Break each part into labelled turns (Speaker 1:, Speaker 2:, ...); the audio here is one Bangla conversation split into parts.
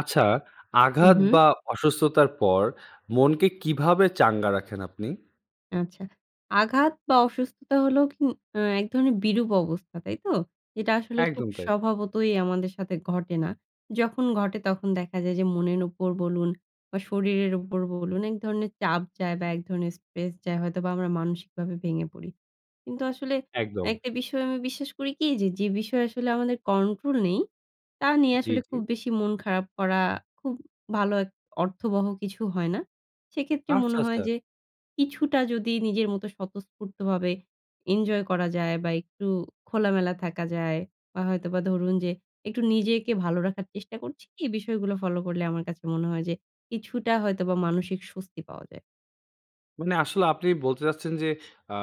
Speaker 1: আচ্ছা,
Speaker 2: হু,
Speaker 1: আঘাত
Speaker 2: হু।
Speaker 1: বা অসুস্থতার পর মনকে কিভাবে চাঙ্গা রাখেন আপনি?
Speaker 2: আচ্ছা। আঘাত বা অসুস্থতা হলেও কু আ এক ধরনের বিরূপ অবস্থা, তাইতো? এটা আসলে খুব
Speaker 1: একদম তাই।
Speaker 2: স্বভাবতই আমাদের সাথে ঘটে না। যখন ঘটে, তখন দেখা যায় যে, মনের উপর বলুন বা শরীরের উপর বলুন, এক ধরনের চাপ যায় বা এক ধরনের স্ট্রেস যায়, হয়তোবা আমরা মানসিকভাবে ভেঙে পড়ি। কিন্তু, আসলে
Speaker 1: একদম।
Speaker 2: একটা বিষয় আমি বিশ্বাস করি কি যে, যে, বিষয় আসলে আমাদের কন্ট্রোল নেই, তা নিয়ে
Speaker 1: জি,
Speaker 2: আসলে
Speaker 1: জি।
Speaker 2: খুব বেশি মন খারাপ করা, খুব ভালো অর্থবহ কিছু হয় না। সেক্ষেত্রে
Speaker 1: আচ্ছা,
Speaker 2: মনে হয়
Speaker 1: আচ্ছা।
Speaker 2: যে, কিছুটা যদি নিজের মতো স্বতঃস্ফূর্তভাবে ইনজয় করা যায়। বা একটু খোলামেলা থাকা যায় বা হয়তোবা ধরুন যে, একটু নিজেকে ভালো রাখার চেষ্টা করছি। এই বিষয়গুলো ফলো করলে আমার কাছে মনে হয় যে, কিছুটা হয়তোবা মানসিক স্বস্তি পাওয়া যায়।
Speaker 1: মানে আসলে আপনি বলতে চাচ্ছেন যে, আ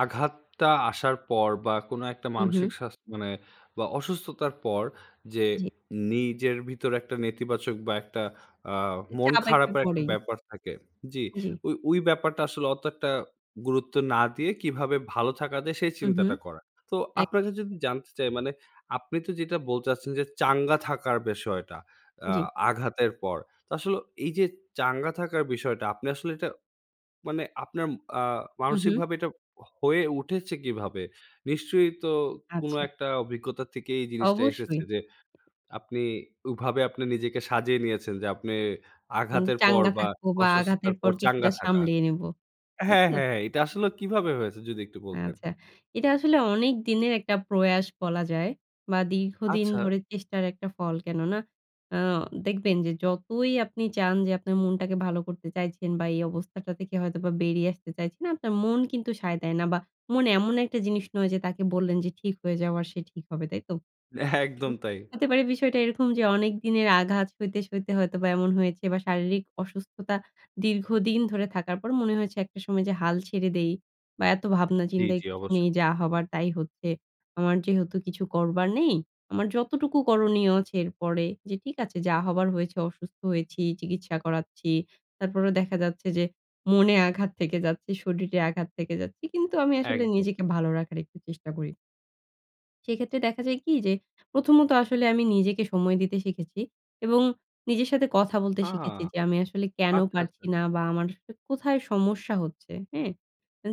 Speaker 1: আঘাতটা আসার পর বা কোনো একটা
Speaker 2: হু,
Speaker 1: মানসিক
Speaker 2: হু।
Speaker 1: স্বাস মানে বা অসুস্থতার পর যে
Speaker 2: জি।
Speaker 1: নিজের ভিতরে একটা নেতিবাচক বা একটা আ মন
Speaker 2: চাপ একটা
Speaker 1: খারাপের একটা
Speaker 2: পরেই।
Speaker 1: ব্যাপার থাকে। জি,
Speaker 2: জি।
Speaker 1: ওই, ওই, ব্যাপারটা আসলে অত একটা গুরুত্ব না দিয়ে কিভাবে ভালো থাকা যায়, সেই
Speaker 2: উ, হু,
Speaker 1: চিন্তাটা করা। তো,
Speaker 2: এক
Speaker 1: আপনার কাছে যদি জানতে চাই মানে, আপনি তো যেটা বলতে চাইছেন যে, চাঙ্গা থাকার বিষয়টা আ
Speaker 2: জি।
Speaker 1: আঘাতের পর। তো, আসলে এই যে চাঙ্গা থাকার বিষয়টা, আপনি আসলে এটা মানে, আপনার আ
Speaker 2: উহু।
Speaker 1: মানসিকভাবে এটা হয়ে উঠেছে কিভাবে? নিশ্চয়ই তো কোন
Speaker 2: আচ্ছা।
Speaker 1: একটা অভিজ্ঞতা থেকে এই জিনিসটা এসেছে
Speaker 2: অবশ্যই।
Speaker 1: যে, আপনি ওইভাবে আপনি নিজেকে সাজিয়ে নিয়েছেন যে, আপনি
Speaker 2: উম
Speaker 1: আঘাতের পর
Speaker 2: চাঙ্গা
Speaker 1: বা
Speaker 2: থাকব বা আঘাতের
Speaker 1: অসুস্থতার
Speaker 2: পর
Speaker 1: পর
Speaker 2: কিছুটা
Speaker 1: চাঙ্গা থাকা।
Speaker 2: সামলিয়ে নিব, তাই
Speaker 1: হ্যাঁ,
Speaker 2: তো?
Speaker 1: হ্যাঁ, এইটা আসলে কীভাবে হয়েছে? যদি একটু বলতেন।
Speaker 2: আচ্ছা। এটা আসলে অনেক দিনের একটা প্রয়াস বলা যায়। বা দীর্ঘদিন
Speaker 1: আচ্ছা।
Speaker 2: ধরে চেষ্টার একটা ফল, কেন না? আ দেখবেন যে, যতই আপনি চান যে, আপনার মনটাকে ভালো করতে চাইছেন বা এই অবস্থাটা থেকে হয়তোবা বেরিয়ে আসতে চাইছেন। আপনার মন কিন্তু সায় দেয় না বা মন এমন একটা জিনিস নয় যে, তাকে বললেন যে ঠিক হয়ে যাওয়ার, সে ঠিক হবে, তাই তো?
Speaker 1: হ্যাঁ, একদম তাই
Speaker 2: হতে পারে বিষয়টা এরকম যে, অনেক দিনের আঘাত সইতে, সইতে, হয়তোবা এমন হয়েছে বা শারীরিক অসুস্থতা দীর্ঘদিন ধরে থাকার পর মনে হয়েছে একটা সময় যে, হাল ছেড়ে দেই বা এত ভাবনা,
Speaker 1: জি,
Speaker 2: চিন্তার
Speaker 1: জি,
Speaker 2: কিছু নেই,
Speaker 1: অবশ্যই।
Speaker 2: যা হবার তাই হচ্ছে। আমার যেহেতু কিছু করবার নেই, আমার যতটুকু করণীয় আছে এরপরে যে, ঠিক আছে, যা হবার হয়েছে, অসুস্থ হয়েছি, চিকিৎসা করাচ্ছি। তারপরেও দেখা যাচ্ছে যে, মনে আঘাত থেকে যাচ্ছে, শরীরে আঘাত থেকে যাচ্ছে। কিন্তু, আমি আসলে
Speaker 1: একদম।
Speaker 2: নিজেকে ভালো রাখার একটু চেষ্টা করি। সেক্ষেত্রে দেখা যায় কি যে, প্রথমত, আসলে আমি নিজেকে সময় দিতে শিখেছি এবং নিজের সাথে কথা বলতে
Speaker 1: আ
Speaker 2: শিখেছি যে, আমি আসলে কেন
Speaker 1: আচ্ছা, আচ্ছা।
Speaker 2: পারছি না? বা আমার [unintelligible] কোথায় সমস্যা হচ্ছে, হ্যাঁ?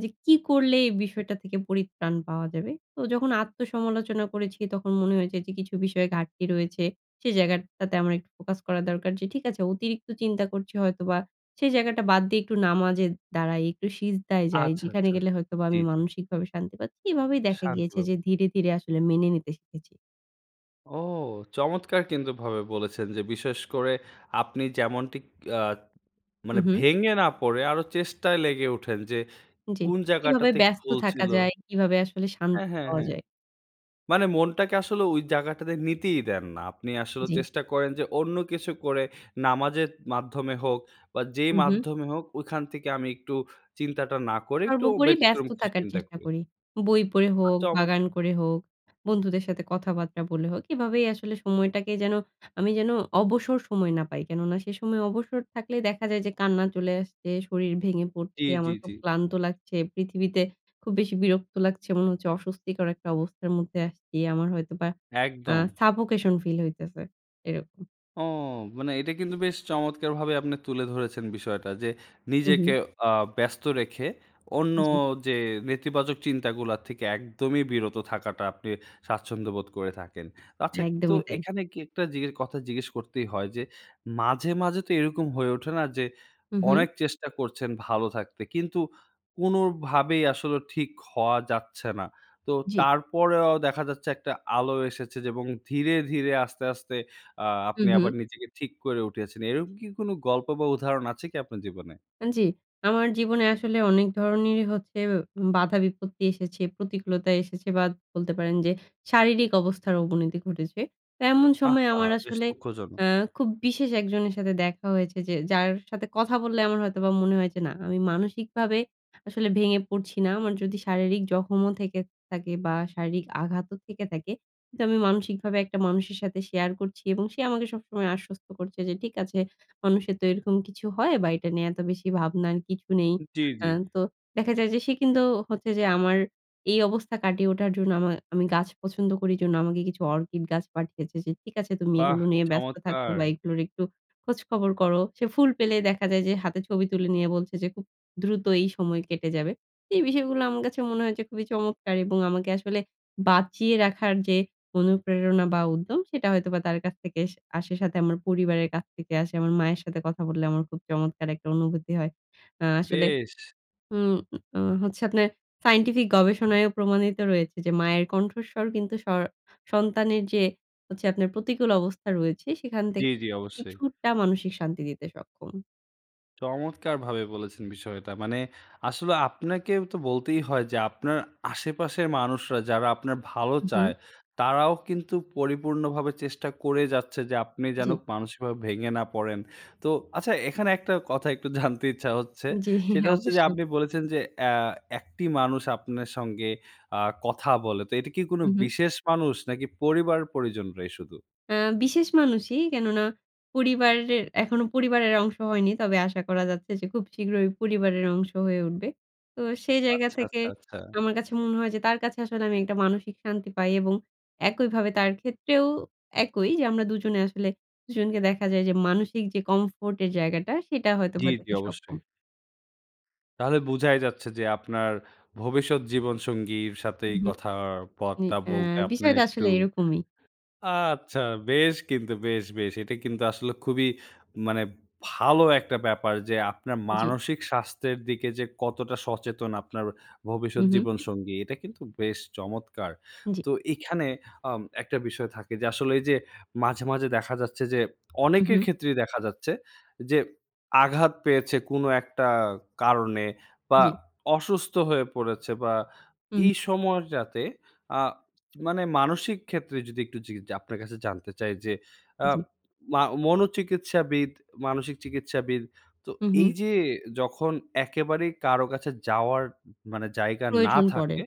Speaker 2: যে কি করলে এই বিষয়টা থেকে পরিত্রাণ পাওয়া যাবে। তো, যখন আত্মসমালোচনা করেছি, তখন মনে হয়েছে যে, কিছু বিষয়ে ঘাটতি রয়েছে। সে জায়গা টাতে আমার একটু ফোকাস করা দরকার যে, ঠিক আছে, অতিরিক্ত চিন্তা করছি হয়তোবা। সে জায়গাটা বাদ দিয়ে একটু নামাজে দাঁড়াই, একটু সিজদায় যাই,
Speaker 1: আচ্ছা,
Speaker 2: যেখানে
Speaker 1: আচ্ছা।
Speaker 2: গেলে হয়তোবা
Speaker 1: জি,
Speaker 2: আমি
Speaker 1: জি।
Speaker 2: মানসিকভাবে শান্তি পাচ্ছি। এভাবেই দেখা
Speaker 1: শান্তি
Speaker 2: গিয়েছে যে,
Speaker 1: পাব।
Speaker 2: ধীরে, ধীরে, আসলে মেনে নিতে শিখেছি।
Speaker 1: ও! চমৎকার! কিন্তু ভাবে বলেছেন যে, বিশেষ করে আপনি যেমনটি অ্যা
Speaker 2: হু,
Speaker 1: মানে
Speaker 2: হুম।
Speaker 1: ভেঙে না পরে আরো চেষ্টায় লেগে উঠেন, যে,
Speaker 2: জি।
Speaker 1: কোন
Speaker 2: কিভাবে
Speaker 1: জায়গাটাতে
Speaker 2: ব্যস্ত
Speaker 1: ভুল
Speaker 2: থাকা
Speaker 1: ছিল।
Speaker 2: যায়? কিভাবে আসলে শান্তি
Speaker 1: হ্যাঁ, হ্যাঁ,
Speaker 2: পাওয়া
Speaker 1: হ্যাঁ,
Speaker 2: যায়?
Speaker 1: মানে মনটাকে আসলে ঐ জায়গাটাতে নিতেই দেন না। আপনি আসলে
Speaker 2: জি।
Speaker 1: চেষ্টা করেন যে, অন্য কিছু করে, নামাজের মাধ্যমে হোক বা যেই
Speaker 2: উহ।
Speaker 1: মাধ্যমে হোক ওখান থেকে আমি একটু চিন্তাটা না করে একটু
Speaker 2: সর্বোপরি
Speaker 1: ব্যতিক্রম
Speaker 2: ব্যস্ত
Speaker 1: কিছু
Speaker 2: থাকার
Speaker 1: চিন্তা
Speaker 2: চেষ্টা
Speaker 1: করি।
Speaker 2: করি। বই পড়ে হোক,
Speaker 1: চমৎকার!
Speaker 2: বাগান করে হোক, বন্ধুদের সাথে কথাবার্তা বলে হোক। এভাবেই আসলে সময়টাকে যেন আমি যেন অবসর সময় না পাই। কেননা সে সময় অবসর থাকলেই দেখা যায় যে, কান্না চলে আসছে, শরীর ভেঙে
Speaker 1: জি,
Speaker 2: পরছে,
Speaker 1: জি,
Speaker 2: আমার
Speaker 1: জি।
Speaker 2: খুব ক্লান্ত লাগছে, পৃথিবীতে খুব বেশি বিরক্ত লাগছে। মনে হচ্ছে অস্বস্তিকর একটা অবস্থার মধ্যে আসছি। আমার হয়তোবা অ্যা
Speaker 1: একদম।
Speaker 2: সাফোকেশন ফিল হইতেছে, এরকম।
Speaker 1: ও! মানে এটা কিন্তু বেশ চমৎকারভাবে আপনি তুলে ধরেছেন বিষয়টা। যে,
Speaker 2: হু,
Speaker 1: নিজেকে
Speaker 2: হুম।
Speaker 1: অ্যা ব্যস্ত রেখে অন্য
Speaker 2: জি।
Speaker 1: যে, নেতিবাচক চিন্তাগুলা থেকে একদমই বিরত থাকাটা আপনি স্বাচ্ছন্দ্যবোধ করে থাকেন। আচ্ছা তো
Speaker 2: একদমই তাই।
Speaker 1: এখানে কি একটা জিজ্ঞেস কথা জিজ্ঞেস করতেই হয় যে, মাঝে, মাঝে তো এরকম হয়ে ওঠে না, যে,
Speaker 2: হু, হুম।
Speaker 1: অনেক চেষ্টা করছেন ভালো থাকতে, কিন্তু কোনোভাবেই আসলে ঠিক হওয়া যাচ্ছে না। তো
Speaker 2: জি।
Speaker 1: তারপরেও দেখা যাচ্ছে, একটা আলো এসেছে। যে, এবং ধীরে, ধীরে, আস্তে, আস্তে আ
Speaker 2: হু,
Speaker 1: আপনি আবার
Speaker 2: হুম।
Speaker 1: নিজেকে ঠিক করে উঠেছেন। এরকম কি কোনো গল্প, বা উদাহরণ আছে কি আপনার জীবনে?
Speaker 2: জি, আমার জীবনে আসলে অনেক ধরনেরই হচ্ছে বাধা-বিপত্তি এসেছে, প্রতিকূলতা এসেছে, বা বলতে পারেন যে, শারীরিক অবস্থার অবনতি ঘটেছে। এমন সময়
Speaker 1: আহা!
Speaker 2: আমার
Speaker 1: বেশ
Speaker 2: আসলে
Speaker 1: দুঃখজনক!
Speaker 2: অ্যা খুব বিশেষ একজনের সাথে দেখা হয়েছে যে, যার সাথে কথা বললে আমার হয়তোবা মনে হয় যে, না আমি মানসিকভাবে আসলে ভেঙে পরছি না। আমার যদি শারীরিক জখমও থেকে থাকে বা শারীরিক আঘাতও থেকে থাকে, কিন্তু আমি মানসিকভাবে একটা মানুষের সাথে শেয়ার করছি এবং সে আমাকে সবসময় আশ্বস্ত করছে যে, ঠিক আছে মানুষের তো এরকম কিছু হয়, বা এটা নিয়ে এত বেশি ভাবনার কিছু নেই।
Speaker 1: জি, জি।
Speaker 2: অ্যা তো দেখা যায় যে, সে কিন্তু হচ্ছে যে, আমার এই অবস্থা কাটিয়ে ওঠার জন্য আমার আমি গাছ পছন্দ করি জন্য আমাকে কিছু অর্কিড গাছ পাঠিয়েছে। যে, ঠিক আছে তুমি
Speaker 1: বাহ!
Speaker 2: এগুলো নিয়ে ব্যস্ত থাকো।
Speaker 1: চমৎকার!
Speaker 2: বা এগুলোর একটু খোঁজখবর করো। সে ফুল পেলেই দেখা যায় যে, হাতে ছবি তুলে নিয়ে বলছে যে, খুব দ্রুত এই সময় কেটে যাবে। এই বিষয়গুলো আমার কাছে মনে হয়েছে খুবই চমৎকার এবং আমাকে আসলে বাঁচিয়ে রাখার যে, অনুপ্রেরণা, বা উদ্যম সেটা হয়তোবা তার কাছ থেকে আসে। সাথে আমার পরিবারের কাছ থেকে আসে। আমার মায়ের সাথে কথা বললে আমার খুব চমৎকার একটা অনুভূতি হয়। অ্ আসলে
Speaker 1: বেশ।
Speaker 2: উম, অ, অ হচ্ছে, আপনার সায়েন্টিফিক গবেষণায়ও প্রমাণিত রয়েছে যে, মায়ের কণ্ঠস্বর কিন্তু স সন্তানের যে, হচ্ছে, আপনার প্রতিকূল অবস্থা রয়েছে সেখান
Speaker 1: জি,
Speaker 2: থেকে
Speaker 1: জি, অবশ্যই।
Speaker 2: কিছুটা মানসিক শান্তি দিতে সক্ষম।
Speaker 1: চমৎকারভাবে বলেছেন বিষয়টা। মানে আসলে আপনাকেই তো বলতেই হয় যে, আপনার আশেপাশের মানুষরা যারা আপনার ভালো
Speaker 2: হু,
Speaker 1: চায়,
Speaker 2: হু।
Speaker 1: তারাও কিন্তু পরিপূর্ণভাবে চেষ্টা করেই যাচ্ছে যে, আপনি যেন
Speaker 2: জি।
Speaker 1: মানসিকভাবে ভেঙে না পড়েন। তো আচ্ছা, এখানে একটা কথা একটু জানতে ইচ্ছা হচ্ছে,
Speaker 2: জি,
Speaker 1: সেটা হচ্ছে যে
Speaker 2: অবশ্যই।
Speaker 1: আপনি বলেছেন যে, আ একটি মানুষ আপনার সঙ্গে আ কথা বলে, তো এটা কি কোনো
Speaker 2: উ হু।
Speaker 1: বিশেষ মানুষ, নাকি পরিবার-পরিজনরাই শুধু?
Speaker 2: হুম, বিশেষ মানুষই, কেননা পরিবারের এখনো পরিবারের অংশ হয়নি। তবে আশা করা যাচ্ছে যে, খুব শীঘ্রই পরিবারের অংশ হয়ে উঠবে। তো সেই জায়গা
Speaker 1: আচ্ছা,
Speaker 2: থেকে
Speaker 1: আচ্ছা, আচ্ছা।
Speaker 2: আমার কাছে মনে হয় যে, তার কাছে আসলে আমি একটা মানসিক শান্তি পাই, এবং একইভাবে তার ক্ষেত্রেও একই যে আমরা দুজনে আসলে দুজনকে দেখা যায় যে, মানসিক যে কমফোর্ট এর জায়গাটা সেটা
Speaker 1: জি,
Speaker 2: হয়তোবা
Speaker 1: জি,
Speaker 2: দিতে
Speaker 1: অবশ্যই।
Speaker 2: সক্ষম।
Speaker 1: তাহলে বুঝাই যাচ্ছে যে, আপনার ভবিষ্যৎ জীবন সঙ্গীর সাথেই
Speaker 2: হুম,
Speaker 1: কথার
Speaker 2: হুম, ই
Speaker 1: পথটা
Speaker 2: আ
Speaker 1: বলতে আপনি
Speaker 2: বিষয়টা
Speaker 1: একটু
Speaker 2: আসলে এরকমই।
Speaker 1: আচ্ছা, বেশ কিন্তু বেশ, বেশ। এটা কিন্তু আসলে খুবই মানে ভালো একটা ব্যাপার যে, আপনার
Speaker 2: জি।
Speaker 1: মানসিক স্বাস্থ্যের দিকে যে, কতটা সচেতন আপনার ভবিষ্যৎ
Speaker 2: হুম, হুম।
Speaker 1: জীবন সঙ্গী এটা কিন্তু বেশ চমৎকার।
Speaker 2: জি।
Speaker 1: তো এখানে আম একটা বিষয় থাকে যে, আসলে এই যে মাঝে, মাঝে দেখা যাচ্ছে যে,
Speaker 2: হুম,
Speaker 1: অনেকের
Speaker 2: হুম।
Speaker 1: ক্ষেত্রেই দেখা যাচ্ছে যে, আঘাত পেয়েছে কোন একটা কারণে, বা
Speaker 2: জি।
Speaker 1: অসুস্থ হয়ে পড়েছে, বা
Speaker 2: হুম।
Speaker 1: এই সময়টাতে আ মানে মানসিক ক্ষেত্রে যদি একটু জিগ আপনার কাছে জানতে চাই যে, আ
Speaker 2: জি।
Speaker 1: মাও মনোচিকিৎসাবিদ, মানসিক চিকিৎসাবিদ তো
Speaker 2: হুম, হুম।
Speaker 1: এই যে, যখন একেবারেই কারো কাছে যাওয়ার মানে জায়গা না
Speaker 2: প্রয়োজন পড়ে।
Speaker 1: থাকে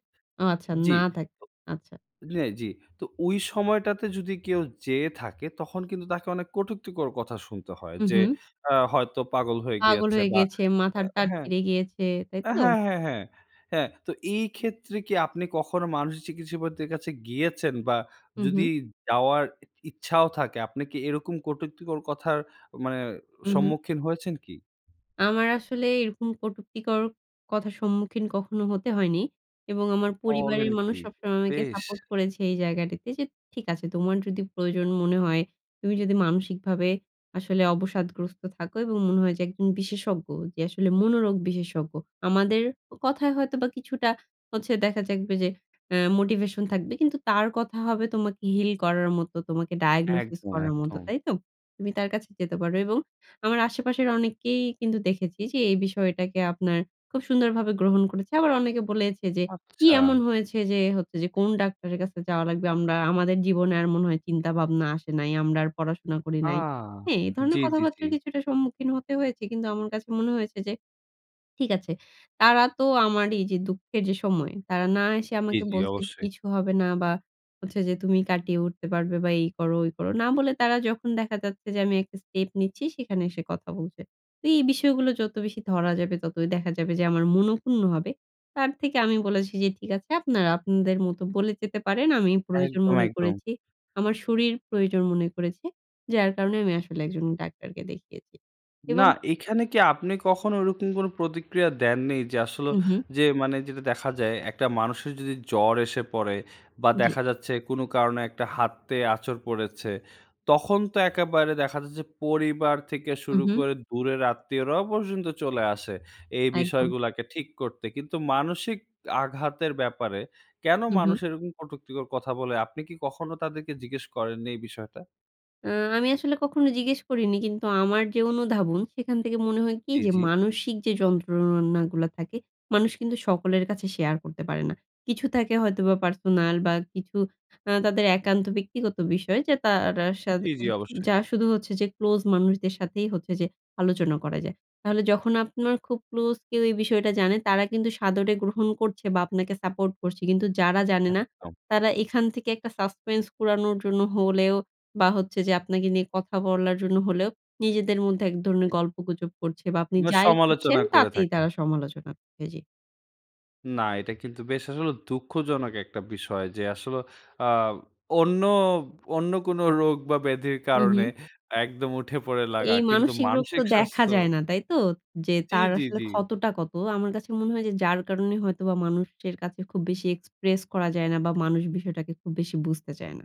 Speaker 2: আচ্ছা
Speaker 1: জি।
Speaker 2: না থাক।
Speaker 1: ত
Speaker 2: আচ্ছা।
Speaker 1: হ্যাঁ, জি। তো ঐ সময়টাতে যদি কেউ যেয়ে থাকে, তখন কিন্তু তাকে অনেক কটুক্তিকর কথা শুনতে হয়
Speaker 2: হু,
Speaker 1: যে,
Speaker 2: হুম।
Speaker 1: আ হয়তো পাগল হয়ে
Speaker 2: পাগল
Speaker 1: গিয়েছে,
Speaker 2: হয়ে
Speaker 1: বা
Speaker 2: গিয়েছে।
Speaker 1: আ
Speaker 2: মাথার তার
Speaker 1: হ্যাঁ।
Speaker 2: ছিড়ে গিয়েছে। তাই
Speaker 1: আ
Speaker 2: তো?
Speaker 1: হ্যাঁ, হ্যাঁ, হ্যাঁ, হ্যাঁ, তো এই ক্ষেত্রে কি আপনি কখনো মানসিক চিকিৎসাবিদদের কাছে গিয়েছেন? বা
Speaker 2: হুম,
Speaker 1: যদি
Speaker 2: হুম।
Speaker 1: যাওয়ার ই ইচ্ছাও থাকে আপনি কি এরকম কটুক্তিকর কথার মানে
Speaker 2: উ হুম।
Speaker 1: সম্মুখীন হয়েছেন কি?
Speaker 2: আমার আসলে এরকম কটুক্তিকর কথার সম্মুখীন কখনো হতে হয়নি। এবং আমার
Speaker 1: বলেন
Speaker 2: পরিবারের মানুষ
Speaker 1: কি!
Speaker 2: সবসময় আমাকে
Speaker 1: বেশ!
Speaker 2: সাপোর্ট করেছে এই জায়গাটিতে যে, "ঠিক আছে, তোমার যদি প্রয়োজন মনে হয়, তুমি যদি মানসিকভাবে আসলে অবসাদগ্রস্ত থাকো, এবং মনে হয় যে একজন বিশেষজ্ঞ যে আসলে মনোরোগ বিশেষজ্ঞ। আমাদের কথায় হয়তোবা কিছুটা হচ্ছে দেখা যাক বে যে আ মোটিভেশন থাকবে। কিন্তু তার কথা হবে, তোমাকে হিল করার মতো, তোমাকে ডায়াগনোসিস
Speaker 1: একদম,
Speaker 2: করার মতো,
Speaker 1: একদম।
Speaker 2: তাই তো? তুমি তার কাছে যেতে পারো।" এবং আমার আশেপাশের অনেকেই কিন্তু দেখেছি যে, এই বিষয়টাকে আপনার খুব সুন্দরভাবে গ্রহণ করেছে। আবার অনেকে বলেছে যে, "কি
Speaker 1: আচ্ছা।
Speaker 2: এমন হয়েছে যে হচ্ছে যে কোন ডাক্তারের কাছে যাওয়া লাগবে। আমরা আমাদের জীবনে আর মনে হয় চিন্তা ভাবনা আসে নাই। আমরা আর পড়াশোনা করি
Speaker 1: আ
Speaker 2: নাই।" হ্যাঁ, এ
Speaker 1: জি,
Speaker 2: ধরনের
Speaker 1: জি, জি।
Speaker 2: কথাবার্তার কিছুটা সম্মুখীন হতে হয়েছে, কিন্তু আমার কাছে মনে হয়েছে যে, ঠিক আছে। তারা তো আমারই যে দুঃখের যে সময় তারা না এসে,
Speaker 1: জি,
Speaker 2: আমাকে
Speaker 1: জি,
Speaker 2: বলছে যে,
Speaker 1: অবশ্যই।
Speaker 2: কিছু হবে না, বা হচ্ছে যে তুমি কাটিয়ে উঠতে পারবে, বা এই করো, ঐ করো। না বলে তারা যখন দেখা যাচ্ছে যে, আমি একটা স্টেপ নিচ্ছি সেখানে এসে কথা বলছে। তো এই বিষয়গুলো যত বেশি ধরা যাবে, ততই দেখা যাবে যে আমার মনঃক্ষুণ্ণ হবে। তার থেকে আমি বলেছি, যে, "ঠিক আছে, আপনারা আপনাদের মত বলে যেতে পারেন। আমি প্রয়োজন
Speaker 1: একদম,
Speaker 2: মনে
Speaker 1: একদম।
Speaker 2: করেছি। আমার শরীর প্রয়োজন মনে করেছে। যার কারণে আমি আসলে একজন ডাক্তারকে দেখিয়েছি।"
Speaker 1: না,
Speaker 2: এবং
Speaker 1: এখানে কি আপনি কখনো ঐরকম কোনো প্রতিক্রিয়া দেননি, যে আসলেও
Speaker 2: হুম, হুম।
Speaker 1: যে মানে যেটা দেখা যায়, একটা মানুষের যদি জ্বর এসে পড়ে, বা
Speaker 2: জি।
Speaker 1: দেখা যাচ্ছে কোনো কারণে একটা হাতে আঁচড় পড়েছে, তখন তো একেবারে দেখা যায় যে, পরিবার থেকে
Speaker 2: হুম,
Speaker 1: শুরু
Speaker 2: হুম।
Speaker 1: করে দূরের আত্মীয়রাও পর্যন্ত চলে আসে, এই
Speaker 2: একদম।
Speaker 1: বিষয়গুলাকে ঠিক করতে। কিন্তু মানসিক আঘাতের ব্যাপারে কেনো
Speaker 2: হুম,
Speaker 1: মানুষ
Speaker 2: হুম।
Speaker 1: এরকম কটুক্তিকর কথা বলে, আপনি কি কখনো তাদেরকে জিজ্ঞেস করেননি এই বিষয়টা?
Speaker 2: আ আমি আসলে কখনো জিজ্ঞেস করিনি। কিন্তু আমার যে অনুধাবন, সেখান থেকে মনে হয় কি?
Speaker 1: জি,
Speaker 2: যে,
Speaker 1: জি।
Speaker 2: মানসিক যে যন্ত্রণাগুলা থাকে, মানুষ কিন্তু সকলের কাছে শেয়ার করতে পারে না। কিছু থাকে হয়তোবা পার্সোনাল বা, কিছু আ তাদের একান্ত ব্যক্তিগত বিষয়। যে তার আর হা সাথে
Speaker 1: জি, জি। অবশ্যই।
Speaker 2: যার শুধু হচ্ছে যে ক্লোজ মানুষদের সাথেই হচ্ছে যে আলোচনা করা যায়। তাহলে যখন আপনার খুব ক্লোজ কেউ এই বিষয়টা জানে তারা কিন্তু সাদরে গ্রহণ করছে বা, আপনাকে সাপোর্ট করছে। কিন্তু যারা জানে না,
Speaker 1: একদম।
Speaker 2: তারা এখান থেকে একটা suspense কুড়ানোর জন্য হলেও বা, হচ্ছে যে আপনাকে নিয়ে কথা বলার জন্য হলেও নিজেদের মধ্যে এক ধরনের গল্প গুজব করছে বা, আপনি
Speaker 1: মা
Speaker 2: যাই করছেন,
Speaker 1: সমালোচনা করে
Speaker 2: তাতেই
Speaker 1: থাকে।
Speaker 2: তারা সমালোচনা এ জি।
Speaker 1: না। এটা কিন্তু বেশ আসলে দুঃখজনক একটা বিষয়। যে আসলে আব অন্য অন্য কোনো রোগ বা, ব্যাধির
Speaker 2: উ
Speaker 1: কারণে
Speaker 2: হু।
Speaker 1: একদম উঠে পড়ে লাগা।
Speaker 2: এই
Speaker 1: কিন্তু
Speaker 2: মানসিক রোগ তো
Speaker 1: মানসিক
Speaker 2: দেখা
Speaker 1: স্বাস্থ্য
Speaker 2: যায় না। তাই তো? যে
Speaker 1: জি,
Speaker 2: তার
Speaker 1: জি,
Speaker 2: আসলে
Speaker 1: জি।
Speaker 2: ক্ষতটা কত? আমার কাছে মনে হয় যে, যার কারণে হয়তোবা মানুষের কাছে খুব বেশি এক্সপ্রেস করা যায় না বা, মানুষ বিষয়টাকে খুব বেশি বুঝতে চায় না।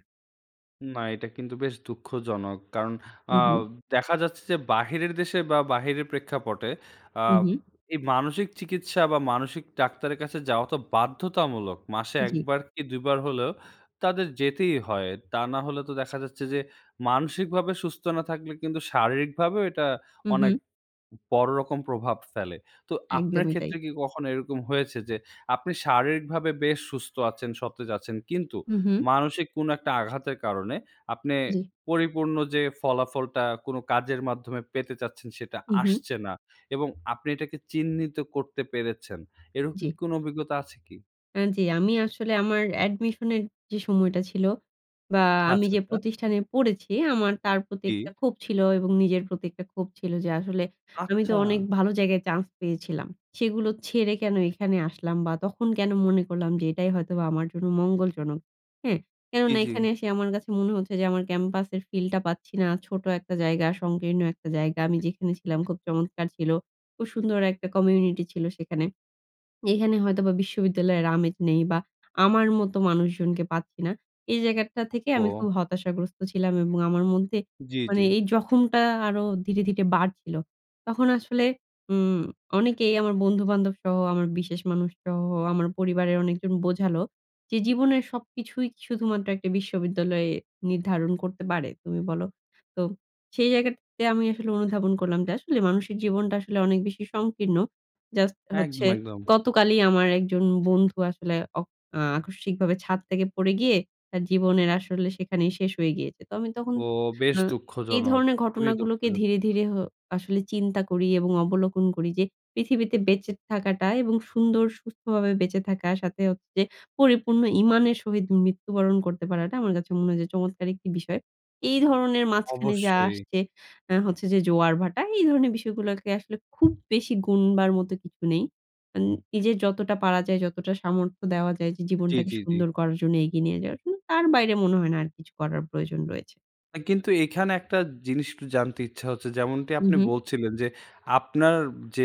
Speaker 1: না, এটা কিন্তু বেশ দুঃখজনক। কারণ
Speaker 2: হু,
Speaker 1: আব
Speaker 2: হু।
Speaker 1: দেখা যাচ্ছে যে, বাহিরের দেশে বা, বাহিরের প্রেক্ষাপটে
Speaker 2: হু,
Speaker 1: আব
Speaker 2: হু।
Speaker 1: এই মানসিক চিকিৎসা বা, মানসিক ডাক্তারের কাছে যাওয়া তো বাধ্যতামূলক। মাসে ১
Speaker 2: জি।
Speaker 1: বার কি ২ বার হলেও তাদের যেতেই হয়। তা না হলে তো দেখা যাচ্ছে যে মানসিকভাবে সুস্থ না থাকলে, কিন্তু শারীরিকভাবেও এটা
Speaker 2: হু,
Speaker 1: অনেক
Speaker 2: হু।
Speaker 1: ব বড় রকম প্রভাব ফেলে। তো আপনার
Speaker 2: একদমই তাই।
Speaker 1: ক্ষেত্রে কি কখনো এরকম হয়েছে যে আপনি শারীরিকভাবে বেশ সুস্থ আছেন, সতেজ আছেন কিন্তু
Speaker 2: হু, হু।
Speaker 1: মানসিক কোন একটা আঘাতের কারণে আপনে
Speaker 2: জি।
Speaker 1: পরিপূর্ণ যে ফলাফলটা কোন কাজের মাধ্যমে পেতে চাচ্ছেন, সেটা
Speaker 2: উ, হু।
Speaker 1: আসছে না। এবং আপনি এটাকে চিহ্নিত করতে পেরেছেন। এরকম
Speaker 2: জি।
Speaker 1: কোন অভিজ্ঞতা আছে কি?
Speaker 2: এন জ্বী। আমি আসলে, আমার admission এর যে সময়টা ছিল বা আমি
Speaker 1: আচ্ছা,
Speaker 2: যে
Speaker 1: আচ্ছা।
Speaker 2: প্রতিষ্ঠানে পড়েছি, আমার তার প্রতি
Speaker 1: জ্বী।
Speaker 2: একটা ক্ষোভ ছিল এবং নিজের প্রতি একটা ক্ষোভ ছিল যে, আসলে আমি তো
Speaker 1: আচ্ছা।
Speaker 2: অনেক ভালো জায়গায় চান্স পেয়েছিলাম। সেগুলো ছেড়ে কেন এখানে আসলাম বা তখন কেন মনে করলাম যে এটাই হয়তোবা আমার জন্য মঙ্গলজনক? হ্যাঁ?
Speaker 1: জ্বী,
Speaker 2: কেননা,
Speaker 1: জ্বী।
Speaker 2: এখানে এসে আমার কাছে মনে হচ্ছে যে, আমার ক্যাম্পাসের ফিলটা পাচ্ছি না। ছোট একটা জায়গা, সংকীর্ণ একটা জায়গা। আমি যেখানে ছিলাম, খুব চমৎকার ছিল। খুব সুন্দর একটা কমিউনিটি ছিল সেখানে। এখানে হয়তোবা বিশ্ববিদ্যালয়ের আমেজ নেই বা আমার মতো মানুষজনকে পাচ্ছি না। এই জায়গাটা থেকে আমি খুব
Speaker 1: ওহহো।
Speaker 2: হতাশাগ্রস্ত ছিলাম এবং আমার মধ্যে
Speaker 1: জ্বী,
Speaker 2: মানে
Speaker 1: জ্বী।
Speaker 2: এই জখমটা আরও ধীরে, ধীরে বাড়ছিল। তখন আসলে উম অনেকেই আমার বন্ধু-বান্ধবসহ, আমার বিশেষ মানুষসহ, আমার পরিবারের অনেকজন বোঝালো যে, "জীবনের সবকিছুই শুধুমাত্র একটি বিশ্ববিদ্যালয়ে নির্ধারণ করতে পারে? তুমি বলো?" তো, সেই জায়গাটাতে, আমি আসলে অনুধাবন করলাম যে, আসলে মানুষের জীবনটা আসলে অনেক বেশি সংকীর্ণ। জাস্ট হচ্ছে
Speaker 1: একদম, একদম।
Speaker 2: গতকালই আমার একজন বন্ধু আসলে অক আকস্মিকভাবে ছাদ থেকে পড়ে গিয়ে আ জীবনের আসলে সেখানেই শেষ হয়ে গিয়েছে। তো, আমি তখন
Speaker 1: ওহ! বেশ
Speaker 2: আ এই
Speaker 1: দুঃখজনক।
Speaker 2: ধরনের
Speaker 1: খুবই
Speaker 2: ঘটনাগুলোকে
Speaker 1: দুঃখজনক।
Speaker 2: ধীরে, ধীরে হ আসলে চিন্তা করি এবং অবলোকন করি যে পৃথিবীতে বেঁচে থাকাটা এবং সুন্দর, সুস্থভাবে বেঁচে থাকা, সাথে হচ্ছে যে পরিপূর্ণ ঈমান এর সহিত মৃত্যু বরণ করতে পারাটা, আমার কাছে মনে হয় যে চমৎকার একটি বিষয়। এই ধরনের মাঝখানে যা
Speaker 1: অবশ্যই।
Speaker 2: আসছে, অ্যা হচ্ছে যে জোয়ার-ভাটা। এই ধরণের বিষয়গুলোকে আসলে খুব বেশি গুণবার মতো কিছু নেই। ইন নিজের যতটা পারা যায়, যতটা সামর্থ্য দেওয়া যায়, যে
Speaker 1: জ্বী,
Speaker 2: জীবনটাকে
Speaker 1: জ্বী, জ্বী।
Speaker 2: সুন্দর করার জন্য, এগিয়ে নিয়ে যাওয়ার জন্য, তার বাইরে মনে হয় না আর কিছু করার প্রয়োজন রয়েছে।
Speaker 1: আ কিন্তু এখানে একটা জিনিস একটু জানতে ইচ্ছা হচ্ছে, যেমনটি আপনি
Speaker 2: উহু।
Speaker 1: বলছিলেন, যে আপনার যে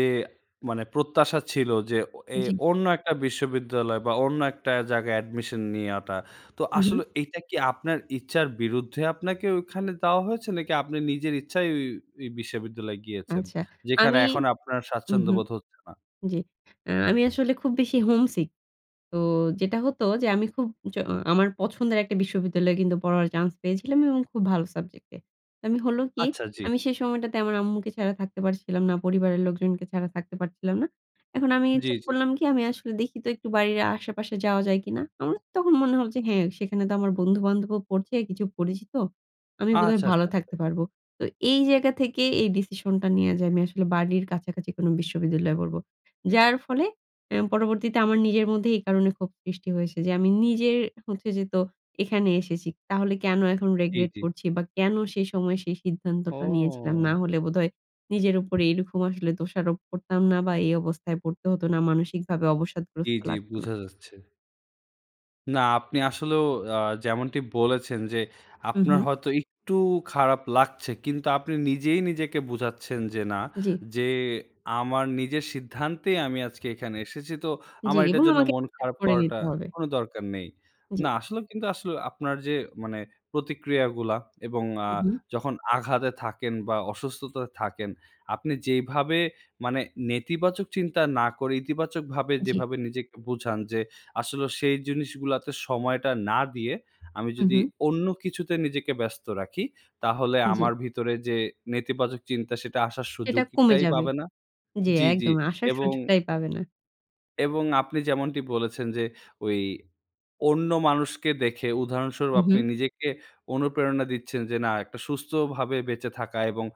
Speaker 1: মানে প্রত্যাশা ছিল যে ও এ
Speaker 2: জি।
Speaker 1: অন্য একটা বিশ্ববিদ্যালয় বা অন্য একটা জায়গায় অ্যাডমিশন নেয়াটা তো
Speaker 2: উহু।
Speaker 1: আসলে এইটা কি আপনার ইচ্ছার বিরুদ্ধে আপনাকে ওখানে দেওয়া হয়েছে? নাকি আপনি নিজের ইচ্ছায় ওই, ওই বিশ্ববিদ্যালয় গিয়েছেন?
Speaker 2: আচ্ছা,
Speaker 1: যেখানে
Speaker 2: আমি
Speaker 1: এখন আপনার
Speaker 2: উহু,
Speaker 1: স্বাচ্ছন্দ্যবোধ হচ্ছে না।
Speaker 2: জি, আ আমি আসলে খুব বেশি homesick তো যেটা হতো যে আমি খুব জ আমার পছন্দের একটা বিশ্ববিদ্যালয়ে কিন্তু পড়ার চান্স পেয়েছিলাম এবং খুব ভালো সাবজেক্ট এ। তো আমি হলো কি
Speaker 1: আচ্ছা জি।
Speaker 2: আমি সেই সময়টাতে আমার আম্মুকে ছাড়া থাকতে পারছিলাম না। পরিবারের লোকজনকে ছাড়া থাকতে পারছিলাম না। এখন আমি
Speaker 1: জি,
Speaker 2: ঠিক
Speaker 1: জি।
Speaker 2: করলাম কি আমি আসলে দেখি তো একটু বাড়ির আশেপাশে যাওয়া যায় কিনা। আমার তখন মনে হলো যে হ্যাঁ, সেখানে তো আমার বন্ধু-বান্ধবও পড়ছে কিছু পরিচিত। আমি বোধহয়
Speaker 1: আচ্ছা,
Speaker 2: ভালো
Speaker 1: আচ্ছা, আচ্ছা।
Speaker 2: থাকতে পারব। তো এই জায়গা থেকে এই ডিসিশনটা নেয়া যে আমি আসলে বাড়ির কাছাকাছি কোনো বিশ্ববিদ্যালয়ে পড়বো। যার ফলে অ্যা পরবর্তীতে আমার নিজের মধ্যে এই কারণে ক্ষোভ সৃষ্টি হয়েছে যে আমি নিজের হচ্ছে যে তো এখানে এসেছি তাহলে কেন এখন
Speaker 1: জি,
Speaker 2: regret
Speaker 1: জি।
Speaker 2: করছি বা কেন সেই সময় সেই সিদ্ধান্তটা নিয়েছিলাম
Speaker 1: ও।
Speaker 2: না হলে বোধহয় নিজের উপরে এরকম আসলে দোষারোপ করতাম না বা এই অবস্থায় পড়তে হতো না মানসিকভাবে
Speaker 1: জি,
Speaker 2: অবসাদগ্রস্ত
Speaker 1: জি
Speaker 2: লাগতো না।
Speaker 1: বুঝা যাচ্ছে। না, আপনি আসলেও আ যেমনটি বলেছেন, যে
Speaker 2: উ
Speaker 1: আপনার
Speaker 2: হুম।
Speaker 1: হয়তো একটু খারাপ লাগছে, কিন্তু আপনি নিজেই নিজেকে বোঝাচ্ছেন, যে না,
Speaker 2: জ্বি।
Speaker 1: যে আমার নিজের সিদ্ধান্তেই আমি আজকে এখানে এসেছি, তো
Speaker 2: জ্বি,
Speaker 1: আমার এটার
Speaker 2: এবং
Speaker 1: জন্য
Speaker 2: আমাকে
Speaker 1: মন
Speaker 2: [unintelligible] ঠিক
Speaker 1: খারাপ
Speaker 2: করে
Speaker 1: করাটা
Speaker 2: নিতে হবে।
Speaker 1: কোনো দরকার নেই।
Speaker 2: জ্বি।
Speaker 1: না আসলে কিন্তু আসলে আপনার যে মানে প্রতিক্রিয়াগুলা, এবং আ
Speaker 2: উ হুম।
Speaker 1: যখন আঘাতে থাকেন, বা অসুস্থতায় থাকেন, আপনি যেইভাবে মানে নেতিবাচক চিন্তা না করে, ইতিবাচকভাবে
Speaker 2: জ্বি।
Speaker 1: যেভাবে নিজেকে বোঝান, যে আসলেও সেই জিনিসগুলোতে সময়টা না দিয়ে, আমি
Speaker 2: উ
Speaker 1: যদি
Speaker 2: হুম।
Speaker 1: অন্য কিছুতে নিজেকে ব্যস্ত রাখি, তাহলে
Speaker 2: জ্বি।
Speaker 1: আমার ভিতরে যে নেতিবাচক চিন্তা সেটা আসার
Speaker 2: সেটা কমে
Speaker 1: সুযোগটাই
Speaker 2: যাবে।
Speaker 1: পাবে না
Speaker 2: জ্বি,
Speaker 1: জ্বি, জ্বি।
Speaker 2: একদম। আসার
Speaker 1: এবং
Speaker 2: সুযোগটাই পাবে না।
Speaker 1: এবং আপনি যেমনটি বলেছেন, যে ওই অন্য মানুষকে দেখে উদাহরণস্বরূপ
Speaker 2: উ
Speaker 1: আপনি
Speaker 2: হুম।
Speaker 1: নিজেকে অনুপ্রেরণা দিচ্ছেন, যে না একটা সুস্থভাবে বেঁচে থাকা, এবং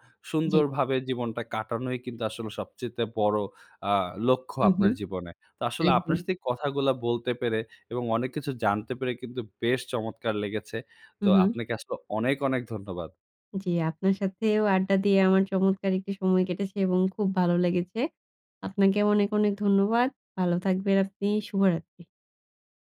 Speaker 2: জ্বি।
Speaker 1: সুন্দরভাবে জীবনটা কাটানোই কিন্তু আসলে সবচাইতে বড়ো আ লক্ষ্য
Speaker 2: উ
Speaker 1: আপনার
Speaker 2: হুম।
Speaker 1: জীবনে। তো আসলে আপনার
Speaker 2: একদম।
Speaker 1: সাথে এই কথাগুলা বলতে পেরে, এবং অনেক কিছু জানতে পেরে, কিন্তু বেশ চমৎকার লেগেছে।
Speaker 2: উ
Speaker 1: তো
Speaker 2: হুম।
Speaker 1: আপনাকে আসলে অনেক, অনেক ধন্যবাদ।
Speaker 2: জ্বি। আপনার সাথেও আড্ডা দিয়ে আমার চমৎকার একটি সময় কেটেছে, এবং খুব ভালো লেগেছে। আপনাকে অনেক, অনেক ধন্যবাদ। ভালো থাকবেন আপনি। শুভরাত্রি।